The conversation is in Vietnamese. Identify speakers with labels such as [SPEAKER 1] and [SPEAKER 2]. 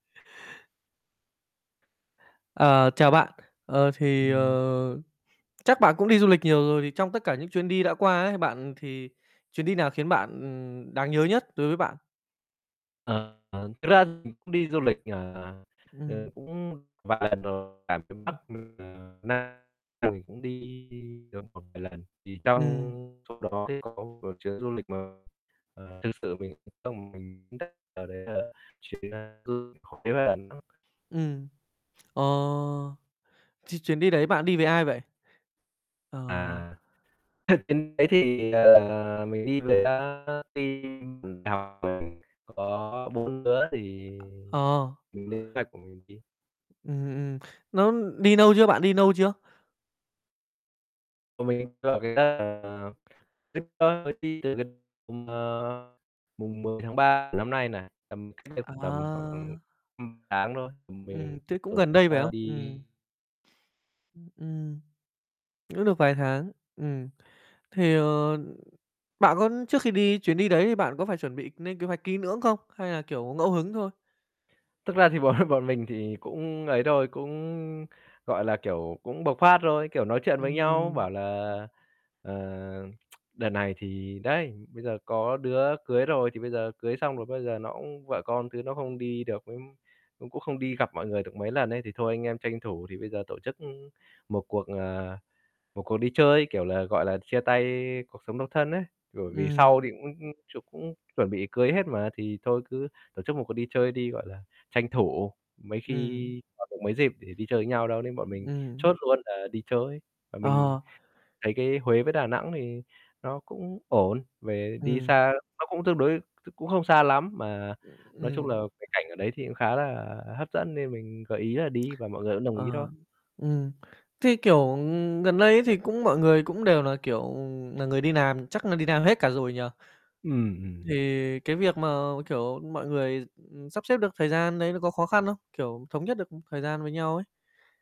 [SPEAKER 1] Ờ, chào bạn, ờ, thì,
[SPEAKER 2] Ừm.
[SPEAKER 1] ờ, chắc bạn cũng đi du lịch nhiều rồi, thì trong tất cả những chuyến đi đã qua ấy bạn, thì chuyến đi nào khiến bạn ừm, đáng nhớ nhất đối với bạn?
[SPEAKER 2] Ờ, thực ra mình cũng đi du lịch, ờ, ờ, ờ,
[SPEAKER 1] Ừm.
[SPEAKER 2] cũng vài lần rồi, cả miền Bắc
[SPEAKER 1] Ừm.
[SPEAKER 2] lẫn [unintelligible] Nam mình cũng đi được một vài lần, thì trong
[SPEAKER 1] Ừm.
[SPEAKER 2] trong đó thì có một chuyến du lịch mà, ờ, thực sự mình trong lòng mình [unintelligible] ờ, đấy là chuyến an cư [unintelligible] Huế và Đà Nẵng.
[SPEAKER 1] Ừm, ờ, ch chuyến đi đấy bạn đi với ai vậy? Ờ.
[SPEAKER 2] À, [unintelligible] chuyến đấy thì, ờ, mình đi với [unintelligible] team cùng đại học với mình, có 4 đứa thì
[SPEAKER 1] Ờ.
[SPEAKER 2] mình lên kế hoạch của mình đi.
[SPEAKER 1] Ừm, ừm, nó đi nâu chưa? Bạn đi nâu chưa?
[SPEAKER 2] Bọn mình ở cái [unintelligible] ừm, ờ, mùng 10 tháng 3 của năm nay này, tầm cách đây tầm khoảng
[SPEAKER 1] À.
[SPEAKER 2] [unintelligible] tháng thôi, ừm, mình
[SPEAKER 1] Ừm, thế cũng
[SPEAKER 2] tổ
[SPEAKER 1] gần
[SPEAKER 2] chức
[SPEAKER 1] đây, phải
[SPEAKER 2] a,
[SPEAKER 1] không? Ừm.
[SPEAKER 2] đi.
[SPEAKER 1] Ưm, ừm. Cũng được vài tháng, ừm, thì, ờ, ừm, bạn có trước khi đi chuyến đi đấy thì bạn có phải chuẩn bị nên kế hoạch kỹ lưỡng không? Hay là, kiểu, ngẫu hứng thôi?
[SPEAKER 2] Thực ra thì bọn bọn mình thì cũng ấy thôi, cũng, gọi là, kiểu, cũng bộc phát, rồi, kiểu, nói chuyện với
[SPEAKER 1] Ừm,
[SPEAKER 2] nhau,
[SPEAKER 1] ừm.
[SPEAKER 2] bảo là "Ờ, đợt này thì đấy, bây giờ có đứa cưới rồi, thì bây giờ cưới xong rồi bây giờ nó cũng vợ con thứ nó không đi được với cũng cũng không đi gặp mọi người được mấy lần ấy, thì thôi anh em tranh thủ thì bây giờ tổ chức một cuộc, à, một cuộc đi chơi kiểu là, gọi là, chia tay cuộc sống độc thân" ấy. Bởi vì sau
[SPEAKER 1] Ừm.
[SPEAKER 2] thì cũng cũng ch cũng chuẩn bị cưới hết mà, thì thôi cứ tổ chức một cuộc đi chơi đi, gọi là, tranh thủ mấy khi
[SPEAKER 1] Ừm.
[SPEAKER 2] còn được mấy dịp để đi chơi với nhau đâu nên bọn mình
[SPEAKER 1] Ừm.
[SPEAKER 2] chốt luôn là đi chơi. Mà mình
[SPEAKER 1] Ờ.
[SPEAKER 2] thấy cái Huế với Đà Nẵng thì nó cũng ổn, về đi
[SPEAKER 1] Ừm.
[SPEAKER 2] xa nó cũng tương đối [unintelligible] cũng không xa lắm, mà nói chung là
[SPEAKER 1] Ừm.
[SPEAKER 2] cái cảnh ở đấy thì cũng khá là hấp dẫn nên mình gợi ý là đi và mọi người cũng đồng ý thôi.
[SPEAKER 1] Ờ, ừm, thế, kiểu, ừm, gần đây ấy, thì cũng mọi người cũng đều là, kiểu, nà người đi làm chắc là đi làm hết cả rồi nhỉ?
[SPEAKER 2] Ừm, ừm.
[SPEAKER 1] Thì cái việc mà, kiểu, mọi người, ừm, sắp xếp được thời gian đấy nó có khó khăn không? Kiểu thống nhất được, ừm, thời gian với nhau ấy?